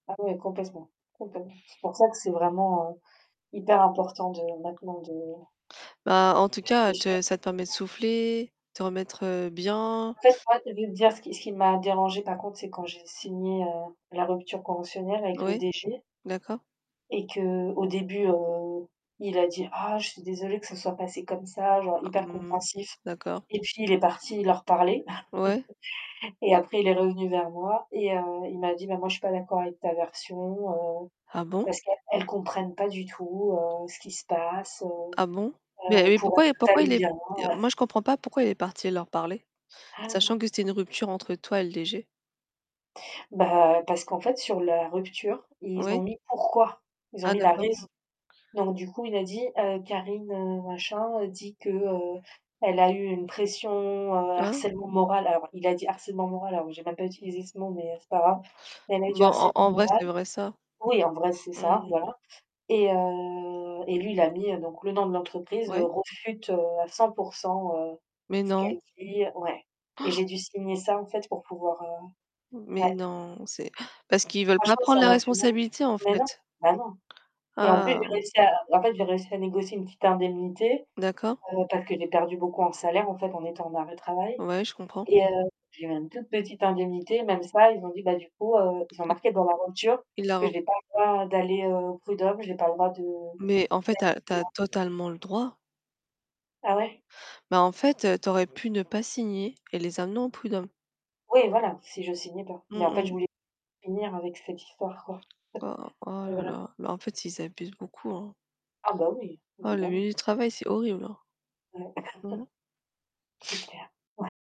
Ah ouais complètement. Complètement. C'est pour ça que c'est vraiment, heu, hyper important de maintenant de Bah en tout cas te ça te permet de [unintelligible] souffler. Te remettre, heu, En bien. fait moi, je vais te dire ce qui ce qui m'a dérangée, par contre, c'est quand j'ai signé, heu, la rupture conventionnelle avec le Ouais. DG D'accord. et qu'au début, heu, il a dit: «Ah je suis désolé que ça se soit passé comme ça», genre, Ah, hyper mmh, compréhensif. d'accord. Et puis il est parti leur parler Ouais? et après il est revenu vers moi et heu, il m'a dit: «Bah moi je suis pas d'accord avec ta version, heu, Ah bon? parce qu'elles elles comprennent pas du tout, heu, ce qu'il se passe, heu. Ah bon? Mais Heu, heu, pour elles pourquoi tout pourquoi allait il est bien, heu.» moi je comprends pas pourquoi il est parti leur parler. Sachant que c'était une rupture entre toi et le DG. Bah parce qu'en fait sur la rupture, ils ont Oui? mis pourquoi. Ils ont Ah mis la d'accord. raison. Donc du coup il a dit: «Heu Karine, heu, machin, heu, dit que, heu, elle a eu une pression, heu, Hein? harcèlement moral» alors il a dit: «harcèlement moral» alors que j'ai même pas utilisé ce mot, mais heu, c'est pas grave. «Elle a eu du Bon en harcèlement en vrai, moral». c'est vrai ça? Oui, en vrai, c'est ça, Mmh. voilà. Et heu, et lui il a mis, heu, donc «le nom de l'entreprise» heu, Ouais? «réfute à 100% heu Mais ce qu'elle non! dit». Ouais. Et j'ai dû signer ça en fait pour pouvoir, heu Mais ouais. non, c'est parce qu'ils veulent pas Franchement prendre ça la m'a fait mal au cul. responsabilité en Mais non! fait. Bah non. Et en plus, Ah. j'ai réussi à en fait j'ai réussi à négocier une petite indemnité, D'accord. heu, parce que j'ai perdu beaucoup en salaire en fait, en étant en arrêt de travail. Ouais, je comprends. Et heu, j'ai eu une toute petite indemnité, même ça, ils ont dit: «Bah du coup, heu», ils ont Il marqué dans la rupture il l'a que re j'ai pas le droit d'aller, heu, aux prud'hommes, j'ai pas le droit de d'aller Mais en fait tu as tu plus as loin. totalement le droit. Ah ouais? Bah en fait, heu, tu aurais pu ne pas signer, et les amener en prud'hommes. Oui voilà, si je signais pas. Mmh, Mais en fait je mmh. voulais finir avec cette histoire, quoi. Oh, oh C'est là vrai. là. Mais en fait, [unintelligible] ils abusent beaucoup, hein. Ah bah oui, Oh le évidemment. milieu du travail c'est horrible, hein. Ouais. Mmh. C'est clair. Ouais.